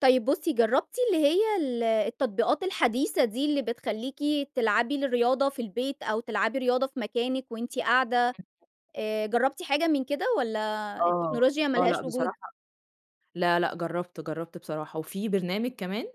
طيب بصي، جربتِ اللي هي ال التطبيقات الحديثة دي اللي بتخليكِ تلعبي الرياضة في البيت، أو تلعبي رياضة في مكانِك وأنتِ قاعدة، آآ، جربتِ حاجة من كده والَّا آه، التكنولوجيا ما آه، لأ لهاش وجود؟ بصراحة، لا، لا جربت جربت بصراحة، وفي برنامج كمان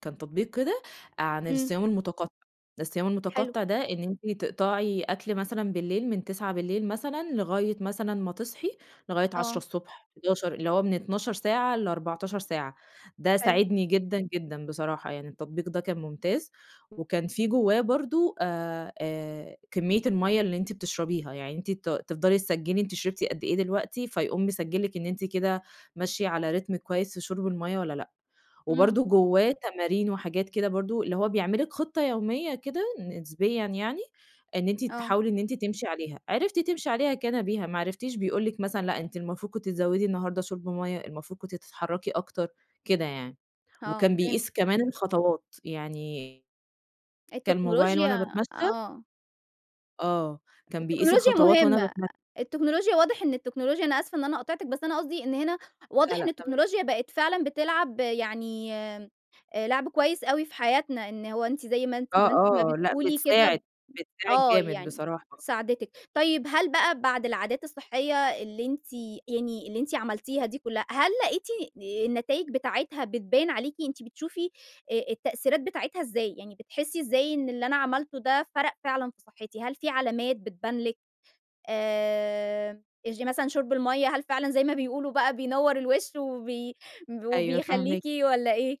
كان تطبيق كده عن إمم. الصيام المتقطع الصيام حلو. المتقطع ده إن أنتِ تقطعي أكل مثلًا بالليل من 21:00 مثلًا لغاية مثلًا ما تصحي، لغاية عشرة آه. الصبح 11:00 اللي هو من 12 ساعة ل14 ساعة، ده حلو. ساعدني جدًا، جدًا بصراحة يعني، التطبيق ده كان ممتاز وكان في جواه برضه آآ، آآ، كمية الميَّة اللي أنتِ بتشربيها، يعني أنتِ ت تفضلي تسجلّي أنتِ شربتِ قد إيه دلوقتي، فيقوم مسجل لِك إن أنتِ كده ماشية على ريتم كويس في شرب الميَّة والَّا لأ، إمم. وبرضه جواه تمارين وحاجات كده برضه، اللي هو بيعمل لِك خطة يومية كده نسبيًا يعني، إن أنتِ آه. تحاولي إن أنتِ تمشي عليها، عرفتِ تمشي عليها كان بها، ما عرفتيش بيقول لِك مثلًا لأ، أنتِ المفروض كنتِ تزودي النهاردة شُرب ميَّة المفروض كنتِ تتحركي أكتر، كده يعني، آه وكان فهمتِك. بيقيس كمان الخطوات يعني كان موبايل وأنا التكنولوجيا باتمشي آه. آه، كان بيقيس التكنولوجيا الخطوات وأنا مهمة، بتم التكنولوجيا واضح إن التكنولوجيا، أنا آسفة إن أنا قاطعتِك، بس أنا قصدي إن هنا لا، واضح لا، إن تمام. التكنولوجيا بقِت فعلًا بتلعب يعني لعب كويس أوي في حياتنا، إن هو أنتِ زي ما أنتِ آه، ما أنتِ ما آه، لا بتقولي بتساعد كده، بتساعد آه، جامد يعني بصراحة. ساعدتِك، طيب هل بقى بعد العادات الصحية اللي أنتِ يعني اللي أنتِ عملتيها دي كلها، هل لقيتِ النتايج بتاعتها بتبان عليكِ، أنتِ بتشوفي أ التأثيرات بتاعتها إزاي، يعني بتحسي إزاي إن اللي أنا عملته ده فرق فعلًا في صحتي، هل في علامات بتبان لِك آآ، [unintelligible] مثلًا شُرب المَيًّة، هل فعلًا زي ما بيقولوا بقى بينوّر الوش وبي أيوه وبيخليكِ فاهماكِ. والَّا إيه؟